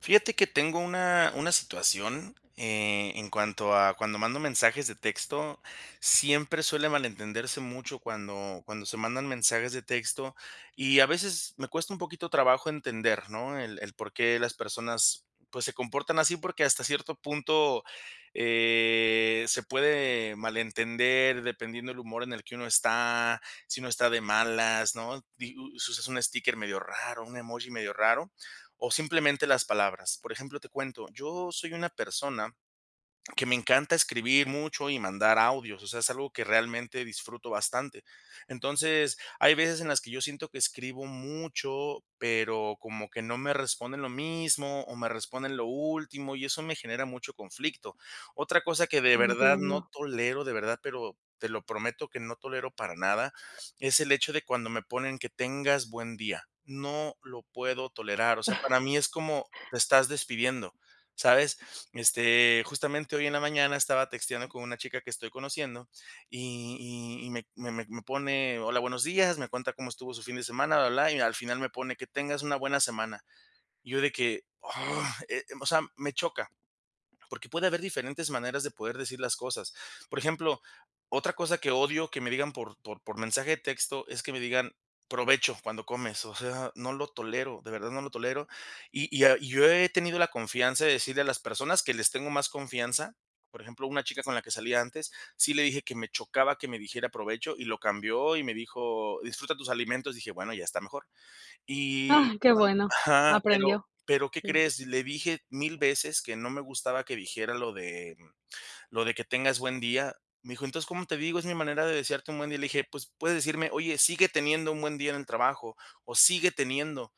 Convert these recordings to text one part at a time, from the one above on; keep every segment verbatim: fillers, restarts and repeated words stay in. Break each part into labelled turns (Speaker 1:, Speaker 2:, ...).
Speaker 1: Fíjate que tengo una una situación, eh, en cuanto a cuando mando mensajes de texto, siempre suele malentenderse mucho cuando cuando se mandan mensajes de texto, y a veces me cuesta un poquito trabajo entender, ¿no?, el el por qué las personas, pues, se comportan así, porque hasta cierto punto, eh, se puede malentender dependiendo el humor en el que uno está, si uno está de malas, ¿no?, di us usas un sticker medio raro, un emoji medio raro, o simplemente las palabras. Por ejemplo, te cuento, yo soy una persona que me encanta escribir mucho y mandar audios, o sea, es algo que realmente disfruto bastante. Entonces, hay veces en las que yo siento que escribo mucho, pero como que no me responden lo mismo, o me responden lo último, y eso me genera mucho conflicto. Otra cosa que de verdad no
Speaker 2: Entiendo.
Speaker 1: tolero, de verdad, pero te lo prometo que no tolero para nada, es el hecho de cuando me ponen: "Que tengas buen día". No lo puedo tolerar, o sea, para mí es como: "Te estás despidiendo", ¿sabes?, este, justamente, hoy en la mañana estaba texteando con una chica que estoy conociendo, y y y me me me me pone: "Hola, buenos días", me cuenta cómo estuvo su fin de semana, bla, bla, blá, y al final me pone: "Que tengas una buena semana". Y yo de que, "Oh" eh, o sea, me choca, porque puede haber diferentes maneras de poder decir las cosas. Por ejemplo, otra cosa que odio que me digan por por por mensaje de texto es que me digan: "Provecho", cuando comes, o sea, no lo tolero, de verdad no lo tolero, y y ah, yo he tenido la confianza de decirle a las personas que les tengo más confianza, por ejemplo, una chica con la que salía antes, sí le dije que me chocaba que me dijera provecho, y lo cambió, y me dijo: "Disfruta tus alimentos", dije: "Bueno, ya está mejor", y
Speaker 2: Ah,
Speaker 1: cuan
Speaker 2: qué bueno,
Speaker 1: ajá, pero
Speaker 2: aprendió.
Speaker 1: pero, ¿qué
Speaker 2: Sí.
Speaker 1: crees?, le dije mil veces que no me gustaba que dijera lo de lo de que tengas buen día. Me dijo: "Entonces, ¿cómo te digo?, es mi manera de desearte un buen día". Le dije: 'Pues, puedes decirme: "Oye, sigue teniendo un buen día en el trabajo' o 'Sigue teniendo'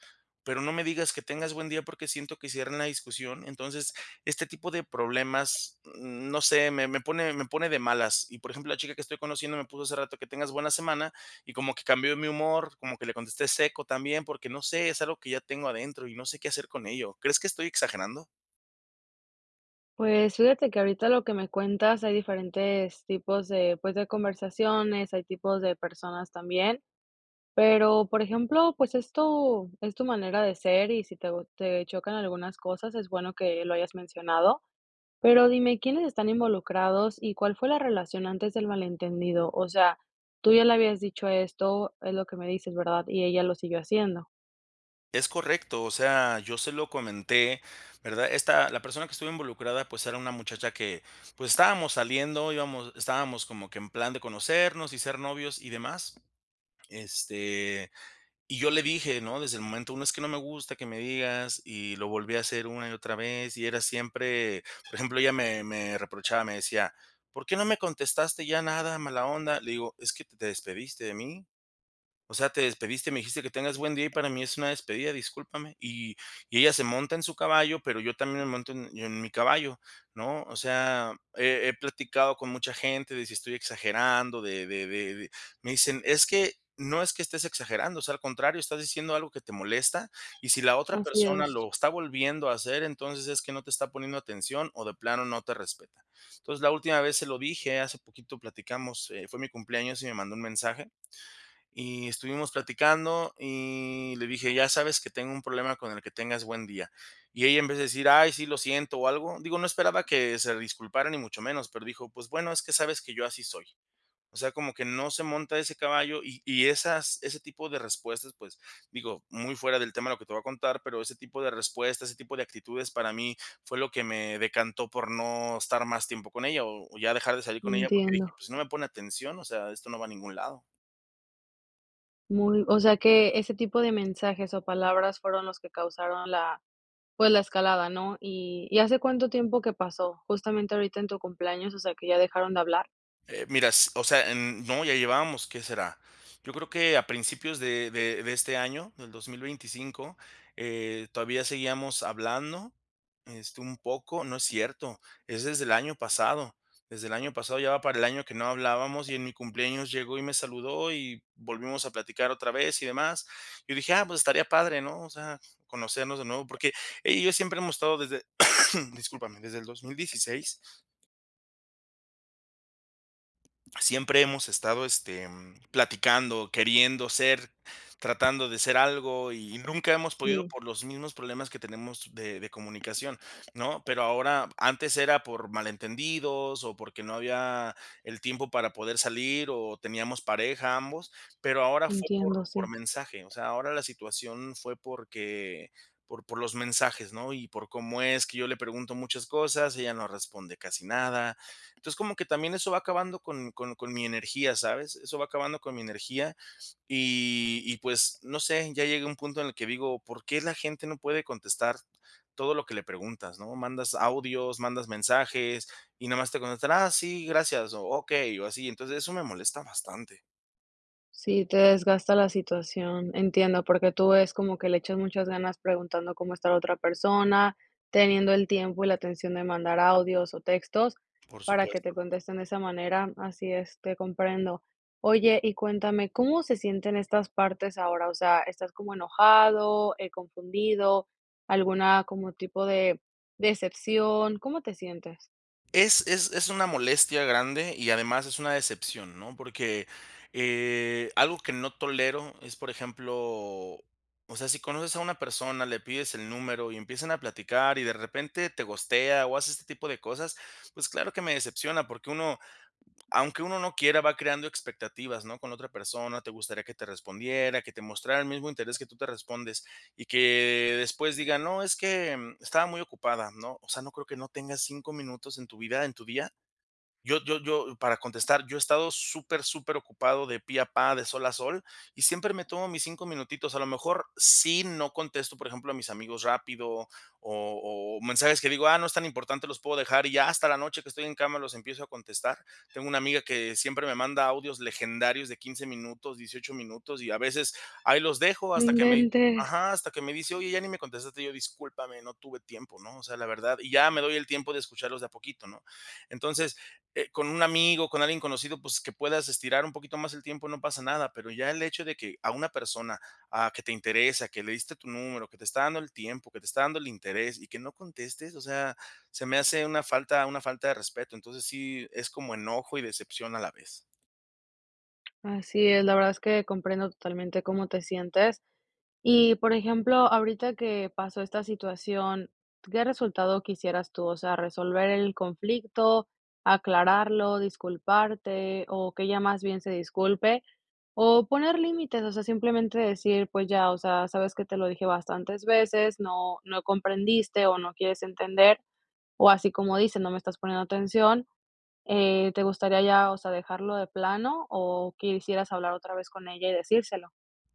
Speaker 1: pero no me digas que tengas buen día, porque siento que cierra una discusión". Entonces, este tipo de problemas, no sé, me me pone me pone de malas. Y, por ejemplo, la chica que estoy conociendo me puso hace rato: "Que tengas buena semana", y como que cambió mi humor, como que le contesté seco también, porque no sé, es algo que ya tengo adentro y no sé qué hacer con ello. ¿Crees que estoy exagerando?
Speaker 2: Pues, fíjate que ahorita lo que me cuentas hay diferentes tipos de, pues, de conversaciones, hay tipos de personas también. Pero, por ejemplo, pues, es tu es tu manera de ser y si teo te chocan algunas cosas, es bueno que lo hayas mencionado. Pero, dime, ¿quiénes están involucrados, y cuál fue la relación antes del malentendido? O sea, tú ya le habías dicho esto, es lo que me dices, ¿verdad? Y ella lo siguió haciendo.
Speaker 1: Es correcto. O sea, yo se lo comenté, ¿verdad? Esta la persona que estuvo involucrada, pues, era una muchacha que, pues, estábamos saliendo, íbamos estábamos como que en plan de conocernos y ser novios, y demás. Este, y yo le dije, ¿no?, desde el momento uno: "Es que no me gusta que me digas", y lo volvió a hacer una y otra vez, y era siempre. Por ejemplo, ella me me reprochaba, me decía: "¿Por qué no me contestaste ya nada, mala onda?" Le digo: "Es que te te despediste de mí. O sea, te despediste, me dijiste que tengas buen día, y para mí es una despedida, discúlpame". Y y ella se monta en su caballo, pero yo también me monto en mi yo en mi caballo, ¿no? O sea, he he platicado con mucha gente de si estoy exagerando de de de de me dicen: "Es que, no es que estés exagerando, o sea, al contrario, estás diciendo algo que te molesta, y si la otra
Speaker 2: Así
Speaker 1: persona
Speaker 2: es.
Speaker 1: lo está volviendo a hacer, entonces es que no te está poniendo atención o de plano no te respeta". Entonces, la última vez se lo dije, hace poquito platicamos, eh, fue mi cumpleaños y me mandó un mensaje, y estuvimos platicando, y le dije: "Ya sabes que tengo un problema con el que tengas buen día". Y ella en vez de decir: "Ay, sí, lo siento o algo", digo, no esperaba que se disculpara ni mucho menos, pero dijo: "Pues, bueno, es que sabes que yo así soy". O sea, como que no se monta ese caballo, y y esas ese tipo de respuestas, pues, digo, muy fuera del tema de lo que te voy a contar, pero ese tipo de respuestas, ese tipo de actitudes para mí fue lo que me decantó por no estar más tiempo con ella, o o ya dejar de salir con ella, porque dije:
Speaker 2: Entiendo.
Speaker 1: "Pues, si no me pone atención, o sea, esto no va a ningún lado".
Speaker 2: Muy o sea, que ese tipo de mensajes, o palabras fueron los que causaron la pues, la escalada, ¿no? Y y, ¿hace cuánto tiempo que pasó? Justamente, ahorita en tu cumpleaños, o sea, que ya dejaron de hablar.
Speaker 1: Eh, mira, s o sea, em, no, ya llevábamos, ¿qué será? Yo creo que a principios de de de este año, del dos mil veinticinco, eh, todavía seguíamos hablando, este, un poco, no es cierto Es desde el año pasado. Desde el año pasado ya va para el año que no hablábamos, y en mi cumpleaños llegó y me saludó, y volvimos a platicar otra vez, y demás, y dije: "Ah, pues estaría padre", ¿no? O sea, conocernos de nuevo, porque ella y yo siempre hemos estado desde, discúlpame, desde el dos mil dieciséis. Siempre hemos estado, este, platicando, queriendo ser, tratando de ser algo, y nunca hemos podido
Speaker 2: Sí.
Speaker 1: por los mismos problemas que tenemos de de comunicación, ¿no? Pero ahora antes era por malentendidos, o porque no había el tiempo para poder salir, o teníamos pareja, ambos, pero ahora fue por
Speaker 2: Entiendo,
Speaker 1: por
Speaker 2: sí.
Speaker 1: mensaje. O sea, ahora la situación fue, porque, por por los mensajes, ¿no? Y por cómo es que yo le pregunto muchas cosas, ella no responde casi nada. Entonces, como que también eso va acabando con con con mi energía, ¿sabes? Eso va acabando con mi energía. Y y pues, no sé, ya llegué a un punto en el que digo: "¿Por qué la gente no puede contestar todo lo que le preguntas?", ¿no? Mandas audios, mandas mensajes y nada más te contestan: "Ah, sí, gracias" o, "okey", o así. Entonces eso me molesta bastante.
Speaker 2: Sí, te desgasta la situación. Entiendo, porque tú es como que le echas muchas ganas preguntando cómo está la otra persona, teniendo el tiempo y la atención de mandar audios o textos,
Speaker 1: Por
Speaker 2: para que te
Speaker 1: supuesto.
Speaker 2: contesten de esa manera. Así es, te comprendo. Oye, y cuéntame, ¿cómo se sienten estas partes ahora, o sea, estás como enojado, eh, confundido, alguna como tipo de decepción, cómo te sientes?
Speaker 1: Es es es una molestia grande, y además es una decepción, ¿no? Porque, eh, algo que no tolero es, por ejemplo, o sea, si conoces a una persona, le pides el número, y empiezan a platicar y, de repente, te ghostea, o hace este tipo de cosas, pues, claro que me decepciona. Porque uno aunque uno no quiera, va creando expectativas, ¿no?, con la otra persona, te gustaría que te respondiera, que te mostrara el mismo interés que tú te respondes, y que después diga: "No, es que, mm, estaba muy ocupada", ¿no? O sea, no creo que no tengas cinco minutos en tu vida, en tu día. Yo yo yo para contestar, yo he estado súper, superocupado de pe a pa, de sol a sol, y siempre me tomo mis cinco minutitos. A lo mejor, sí, no contesto, por ejemplo, a mis amigos rápido, o o mensajes que digo: "Ah, no es tan importante, los puedo dejar", y ya hasta la noche, que estoy en cama, los empiezo a contestar. Tengo una amiga que siempre me manda audios legendarios de quince minutos, dieciocho minutos, y a veces, ahí los dejo
Speaker 2: No
Speaker 1: hasta que me
Speaker 2: inventes.
Speaker 1: ajá, hasta que me dice: "Oye, ya ni me contestaste". Y yo: "Discúlpame, no tuve tiempo", ¿no?, o sea, la verdad. Y ya me doy el tiempo de escucharlos de a poquito, ¿no? Entonces, eh, con un amigo, con alguien conocido, pues, que puedas estirar un poquito más el tiempo, no pasa nada, pero ya el hecho de que a una persona, ah, que te interesa, que le diste tu número, que te está dando el tiempo, que te está dando el interés y que no contestes, o sea, se me hace una falta una falta de respeto. Entonces, sí es como enojo y decepción a la vez.
Speaker 2: Así es, la verdad es que comprendo totalmente cómo te sientes. Y, por ejemplo, ahorita que pasó esta situación, ¿qué resultado quisieras tú? O sea, resolver el conflicto, aclararlo, disculparte, o que ella más bien se disculpe, o poner límites, o sea, simplemente decir, pues ya, o sea: "¿Sabes qué?, te lo dije bastantes veces, no no comprendiste o no quieres entender", o así como dices: "No me estás poniendo atención", eh, ¿te gustaría ya, o sea, dejarlo de plano o quisieras hablar otra vez con ella y decírselo?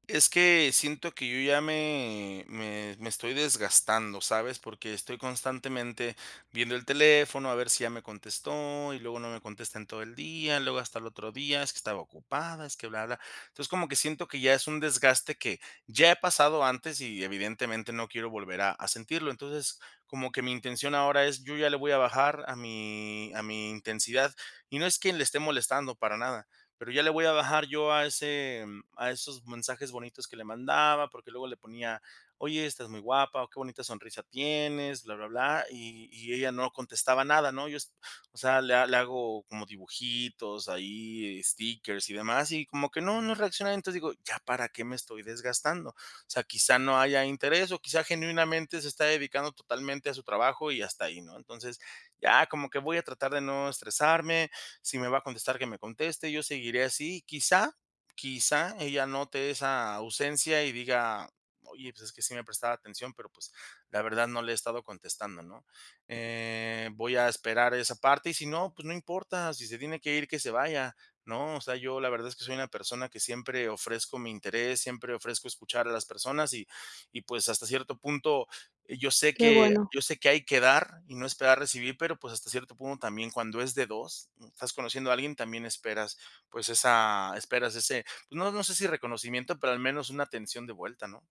Speaker 1: Es que siento que yo ya me me me estoy desgastando, ¿sabes?, porque estoy constantemente viendo el teléfono a ver si ya me contestó y luego no me contesta en todo el día, luego hasta el otro día, es que estaba ocupada, es que bla, bla. Entonces, como que siento que ya es un desgaste que ya he pasado antes y evidentemente no quiero volver a a sentirlo. Entonces, como que mi intención ahora es, yo ya le voy a bajar a mi a mi intensidad. Y no es quien le esté molestando, para nada, pero ya le voy a bajar yo a ese mm, a esos mensajes bonitos que le mandaba, porque luego le ponía: "Oye, estás muy guapa o qué bonita sonrisa tienes", bla, bla, bla, y y ella no contestaba nada, ¿no?, yo, o s o sea, le le hago como dibujitos ahí, stickers y demás, y como que no, no reacciona. Entonces, digo: "¿Ya para qué me estoy desgastando?". O sea, quizá no haya interés, o quizá genuinamente se está dedicando totalmente a su trabajo y hasta ahí, ¿no? Entonces, ya como que voy a tratar de no estresarme, si me va a contestar, que me conteste, yo seguiré así. Quizá, quizá ella note esa ausencia y diga: "Oye, pues es que sí me prestaba atención, pero, pues, la verdad no le he estado contestando", ¿no? Eh, voy a esperar esa parte, y si no, pues no importa, si se tiene que ir que se vaya, ¿no? O sea, yo la verdad es que soy una persona que siempre ofrezco mi interés, siempre ofrezco escuchar a las personas, y y pues, hasta cierto punto, yo sé
Speaker 2: Qué
Speaker 1: que
Speaker 2: bueno.
Speaker 1: yo sé que hay que dar y no esperar recibir, pero, pues, hasta cierto punto, también cuando es de dos estás conociendo a alguien, también esperas, pues, esa esperas ese, pues, no no sé si reconocimiento, pero al menos una atención de vuelta, ¿no?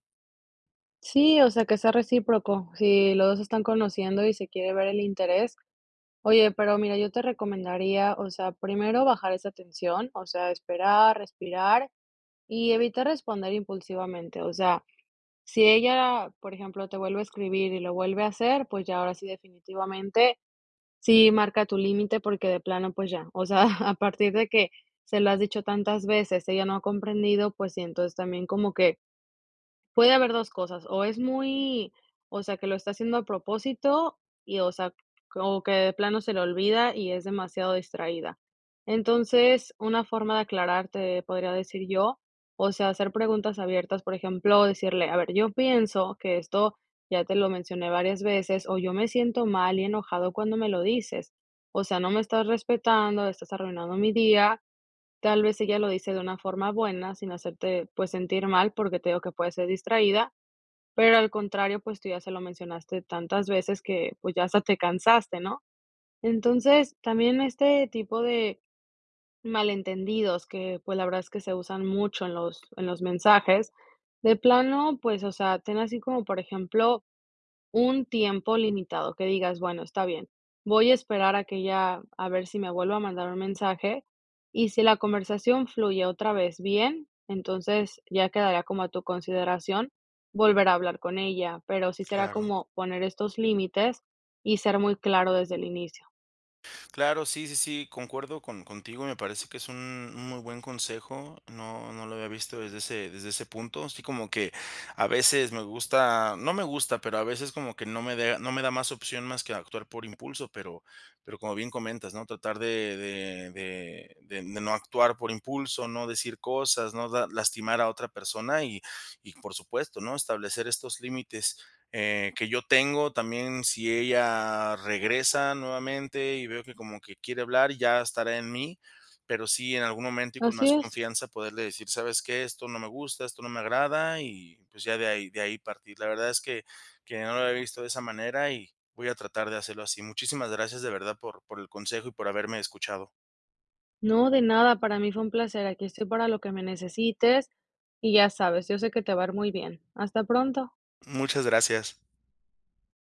Speaker 2: Sí, o sea, que sea recíproco, si los dos se están conociendo y se quiere ver el interés. Oye, pero mira, yo te recomendaría, o sea, primero bajar esa tensión, o sea, esperar, respirar y evitar responder impulsivamente, o sea, si ella, por ejemplo, te vuelve a escribir y lo vuelve a hacer, pues, ya ahora sí, definitivamente, sí marca tu límite porque de plano, pues ya, o sea, a partir de que se lo has dicho tantas veces, ella no ha comprendido, pues sí, entonces también como que puede haber dos cosas o es muy o sea, que lo está haciendo a propósito y, o sea, como que de plano se le olvida y es demasiado distraída, entonces, una forma de aclararte, podría decir yo, o sea, hacer preguntas abiertas, por ejemplo, decirle: "A ver, yo pienso que esto ya te lo mencioné varias veces," o "yo me siento mal y enojado cuando me lo dices, o sea, no me estás respetando, estás arruinando mi día", tal vez, ella lo dice de una forma buena, sin hacerte, pues, sentir mal, porque te digo que puedes ser distraída, pero al contrario, pues, tú ya se lo mencionaste tantas veces que, pues, ya hasta te cansaste, ¿no?, entonces, también este tipo de malentendidos que, pues, la verdad es que se usan mucho en los en los mensajes, de plano, pues, o sea, ten así como, por ejemplo, un tiempo limitado que digas: "Bueno, está bien, voy a esperar a que ella a ver si me vuelve a mandar un mensaje", y si la conversación fluye otra vez bien, entonces ya quedaría como a tu consideración volver a hablar con ella, pero sí será
Speaker 1: Claro.
Speaker 2: como poner estos límites y ser muy claro desde el inicio.
Speaker 1: Claro, sí sí sí, concuerdo con contigo, me parece que es un muy buen consejo, no no lo había visto desde ese desde ese punto, así como que a veces me gusta no me gusta, pero a veces como que no me dea no me da más opción más que actuar por impulso, pero pero como bien comentas, ¿no?, tratar de de de de de no actuar por impulso, no decir cosas, no da lastimar a otra persona y y por supuesto, ¿no?, establecer estos límites, eh, que yo tengo, también si ella regresa nuevamente y veo que como quiere hablar, ya estará en mí, pero sí, en algún momento y con
Speaker 2: Así
Speaker 1: más
Speaker 2: es.
Speaker 1: confianza poderle decir: "¿Sabes qué?, esto no me gusta, esto no me agrada", y, pues, ya de ahí de ahí partir, la verdad es que que no lo había visto de esa manera, y voy a tratar de hacerlo así, muchísimas gracias de verdad por por el consejo y por haberme escuchado.
Speaker 2: No, de nada, para mí fue un placer, aquí estoy para lo que me necesites, y ya sabes, yo sé que te va a ir muy bien, hasta pronto.
Speaker 1: Muchas gracias.